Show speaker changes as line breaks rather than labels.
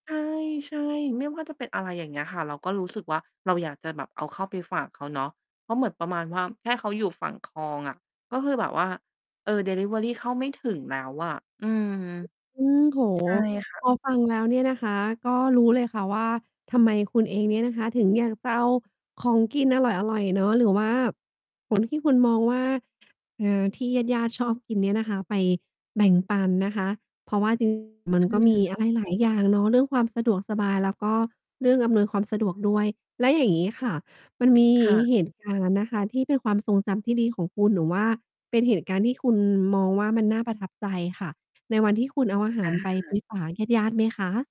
ใช่ ใช่ ไม่ว่าจะเป็นอะไรอย่างเงี้ยค่ะ เราก็รู้สึกว่าเราอยากจะแบบเอาเข้าไปฝากเขาเนาะ เพราะเหมือนประมาณว่าแค่เขาอยู่ฝั่งคลองอะ ก็คือแบบว่า เออ ดิลิเวอรีเข้าไม่ถึงแล้วอะ อืม ใ
อืม โอ้โฮ
ช่ค่
พ
ะ
อฟังแล้วเนี่ยนะคะ ก็รู้เลยค่ะว่า ทำไมคุณเองเนี่ยนะคะ ถึงอยากจะเอาของกินอร่อย ๆ เนาะ หรือว่า ผล ที่คุณมองว่า อ่า ที่ญาติ ๆ ชอบกินเนี่ยนะคะ ไปแบ่งปันนะคะ เพราะว่า จริง ๆ มัน
อ
ก็มี
ืม
อะไรหลายอย่างเนาะ เรื่องความสะดวกสบาย แล้วก็ เรื่องอำนวยความสะดวกด้วย แล้วอย่างงี้ค่ะ มัน มี
ค่ะ
เหตุการณ์นะคะที่เป็นความทรงจำที่ดีของคุณ หรือว่าเป็นเหตุการณ์ที่คุณมองว่ามันน่าประทับใจค่ะ ในวันที่คุณเอาอาห
อ
า
า
ร
ห
ไป
า
ไป
ด
ฝากญาติ ๆ ไหมคะ?